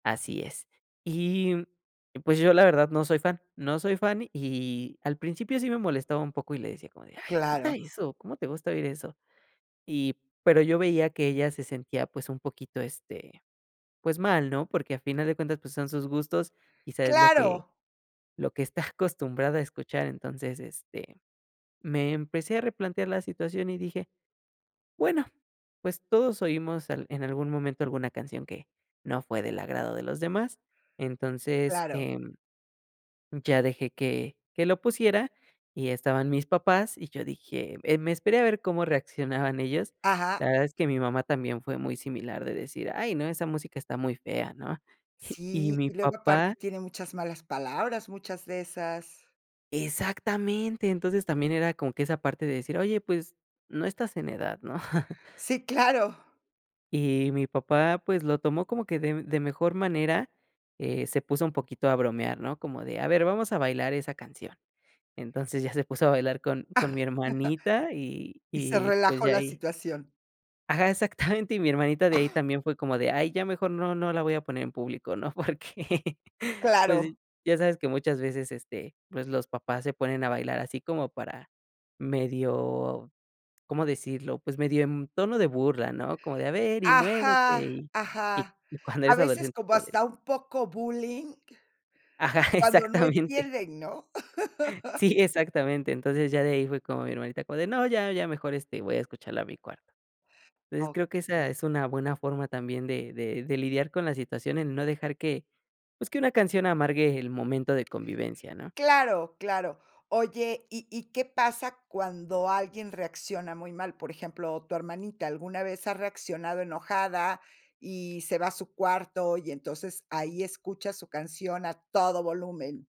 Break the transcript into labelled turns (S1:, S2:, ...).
S1: Así es. Y, pues, yo, la verdad no soy fan, no soy fan. Y, al principio sí me molestaba un poco y le decía como de: "Ay, quita
S2: Claro.
S1: eso, ¿cómo te gusta oír eso?". Y, pero yo veía que ella se sentía, pues, un poquito, este, pues, mal, ¿no? Porque a final de cuentas, pues, son sus gustos, quizá es lo que
S2: Claro.
S1: lo que está acostumbrada a escuchar. Entonces, este, me empecé a replantear la situación y dije: "Bueno, pues, todos oímos al en algún momento, alguna canción que no fue del agrado de los demás". Entonces,
S2: Claro.
S1: em, ya dejé que que lo pusiera y estaban mis papás, y yo dije eh, me esperé a ver cómo reaccionaban ellos.
S2: Ajá.
S1: La verdad es que mi mamá también fue muy similar de decir: "Ay, no, esa música está muy fea, ¿no?". Y y
S2: Sí,
S1: mi
S2: y luego aparte
S1: papá
S2: tiene muchas malas palabras, muchas de esas.
S1: Exactamente, entonces, también era como que esa parte de decir: "Oye, pues no estás en edad, ¿no?".
S2: Sí, claro.
S1: Y mi papá, pues, lo tomó como que de de mejor manera, eh, se puso un poquito a bromear, ¿no? Como de: "A ver, vamos a bailar esa canción". Entonces, ya se puso a bailar con con mi hermanita y
S2: Y se
S1: y, pues,
S2: relajó
S1: ya
S2: la
S1: ahí
S2: situación.
S1: Ajá, exactamente. Y mi hermanita de ahí, también fue como de: "Ay, ya mejor no no la voy a poner en público, ¿no?". Porque, pues,
S2: Claro.
S1: ya sabes que muchas veces, este, pues, los papás se ponen a bailar, así como para medio, ¿cómo decirlo? Pues, medio en tono de burla, ¿no? Como de: "A ver, y muévete".
S2: Ajá,
S1: Y
S2: ajá.
S1: y cuando
S2: A
S1: eres
S2: veces,
S1: adolescente es
S2: como
S1: como de
S2: hasta un poco bullying,
S1: Ajá,
S2: cuando no
S1: exactamente.
S2: entienden, ¿no?
S1: Sí, exactamente. Entonces, ya de ahí fue como mi hermanita como de: "No, ya ya mejor, este, voy a escucharla a mi cuarto". Entonces, creo que esa
S2: Okey.
S1: es una buena forma también de de de lidiar con la situación, el no dejar que, pues, que una canción amargue el momento de convivencia, ¿no?
S2: Claro, claro. Oye, ¿y y qué pasa cuando alguien reacciona muy mal? Por ejemplo, tu hermanita alguna vez ha reaccionado enojada y se va a su cuarto y, entonces, ahí escucha su canción a todo volumen.